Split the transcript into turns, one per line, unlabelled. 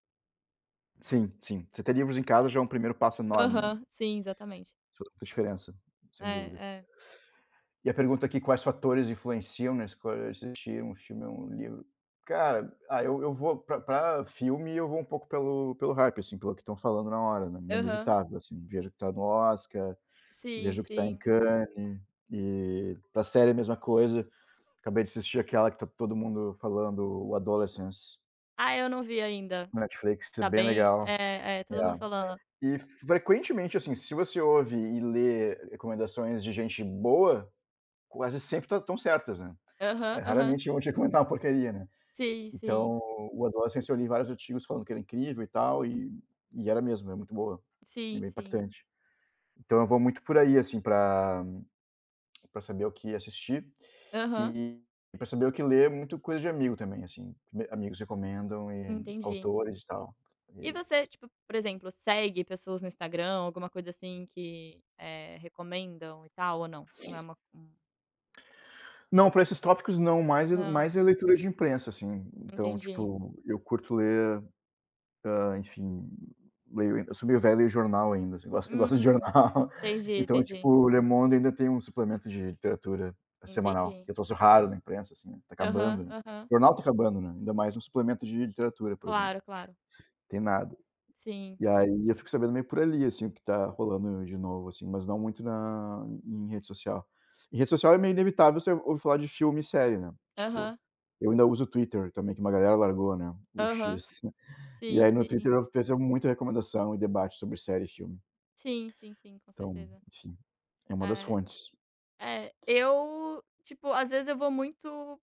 Sim, sim. Você ter livros em casa já é um primeiro passo enorme, né.
Aham, sim, exatamente.
So toda a diferença, sem
É,
dúvida.
é.
E a pergunta aqui, quais fatores influenciam na escolha de assistir um filme ou um livro? Cara, ah, eu eu vou para para filme, eu vou um pouco pelo pelo hype, assim, pelo que estão falando na hora, né, meio
Aham.
inevitável, assim, eu vejo o que tá no Oscar,
Sim,
vejo o que tá em
sim.
Cannes. E, pra série a mesma coisa. Acabei de assistir aquela que tá todo mundo falando: "O Adolescence."
Ah, eu não vi ainda.
Netflix t
Tá
bem
bem
legal.
é é todo
É,
mundo falando.
e frequentemente, assim, se você ouve e lê recomendações de gente boa quase sempre tá estão certas, né.
Aham,
É,
aham.
raramente, vão te recomendar uma porcaria, né,
Sim, sim.
então, o Adolescence, eu li vários artigos falando que era incrível e tal, e e era mesmo, é muito boa, é
Sim,
bem
sim.
impactante. Então eu vou muito por aí, assim, para para saber o que assistir
Aham.
e pra saber o que ler, muito coisa de amigo também, assim, amigos recomendam e
Entendi.
autores e tal,
E
e
você, tipo, por exemplo, segue pessoas no Instagram ou alguma coisa assim, que eh, recomendam e tal, ou não? Não é uma hum.
Não, pra esses tópicos não mais é
Não.
mais é leitura de imprensa, assim. Então,
Entendi.
tipo, eu curto ler, hã, enfim, leio eu sou meio velho, leio jornal ainda, assim, gosto eu gosto de
Hum,
jornal.
entendi,
Então, tipo,
entendi.
o Le Monde ainda tem um suplemento de literatura semanal
Entendi.
que é troço raro na imprensa, assim, tá
Aham,
acabando, né,
aham.
jornal tá acabando, né, ainda mais um suplemento de literatura, por exemplo,
Claro, claro.
tem nada.
Sim.
E aí eu fico sabendo meio por ali, assim, o que tá rolando de novo, assim, mas não muito na em rede social. Em rede social é meio inevitável você ouvir falar de filme e série, né, tipo,
Aham.
eu ainda uso Twitter também, que uma galera largou, né, o X,
Aham.
assim. E,
Sim,
aí, no Twitter,
sim.
eu vejo muito recomendação e debate sobre série e filme.
Sim, sim, sim, com
Então,
certeza.
enfim, é uma das
É
fontes.
é, eu, tipo, às vezes eu vou muito